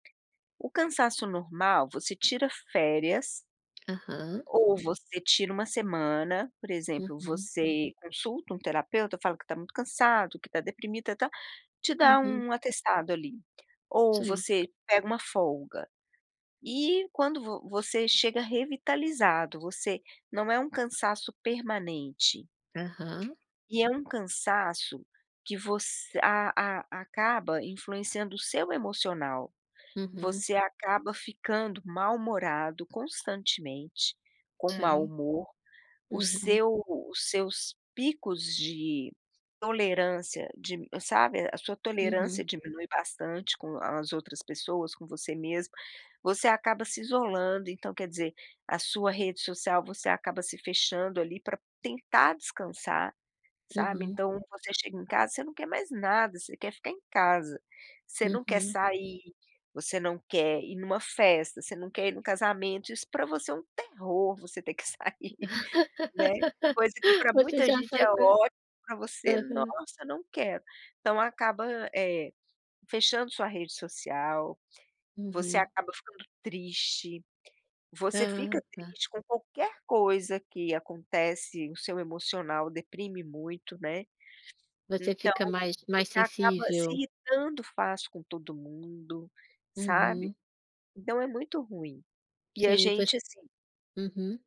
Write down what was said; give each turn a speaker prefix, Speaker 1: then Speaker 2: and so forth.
Speaker 1: O cansaço normal você tira férias
Speaker 2: Aham.
Speaker 1: ou você tira 1 semana por exemplo,
Speaker 2: Uhum.
Speaker 1: você consulta um terapeuta, fala que tá muito cansado, que tá deprimida, tá te dá
Speaker 2: Uhum.
Speaker 1: um atestado ali. Ou
Speaker 2: Sim.
Speaker 1: você pega 1 folga. E, quando vo você chega revitalizado, você não é um cansaço permanente.
Speaker 2: Aham.
Speaker 1: E é um cansaço que você a a acaba influenciando o seu emocional,
Speaker 2: Uhum.
Speaker 1: você acaba ficando mal-humorado, constantemente, com mau
Speaker 2: Sim.
Speaker 1: humor, o
Speaker 2: Uhum.
Speaker 1: seu os seus picos de tolerância dim sabe, a sua tolerância
Speaker 2: Uhum.
Speaker 1: diminui bastante com as outras pessoas, com você mesmo. Você acaba se isolando, então quer dizer, a sua rede social, você acaba se fechando ali, para tentar descansar, sabe.
Speaker 2: Uhum.
Speaker 1: Então, você chega em casa, você não quer mais nada, você quer ficar em casa, você não quer
Speaker 2: Uhum.
Speaker 1: sair, você não quer ir em uma festa, você não quer ir em um casamento, isso para você é um terror, você ter que sair, né. Coisa que para
Speaker 2: Você
Speaker 1: muita
Speaker 2: já
Speaker 1: gente
Speaker 2: sai
Speaker 1: é
Speaker 2: com a
Speaker 1: ótimo, para você:
Speaker 2: aham.
Speaker 1: "Nossa, não quero!", então acaba, eh, fechando sua rede social, você
Speaker 2: Uhum.
Speaker 1: acaba ficando triste, você
Speaker 2: Ah,
Speaker 1: fica
Speaker 2: tá.
Speaker 1: triste com qualquer coisa que acontece, o seu emocional deprime muito, né.
Speaker 2: Você
Speaker 1: Então,
Speaker 2: fica mais
Speaker 1: você
Speaker 2: mais
Speaker 1: acaba se
Speaker 2: sensível?
Speaker 1: irritando fácil com todo mundo, sabe.
Speaker 2: Uhum.
Speaker 1: Então é muito ruim. E a
Speaker 2: Sim e voc
Speaker 1: gente, assim
Speaker 2: Uhum.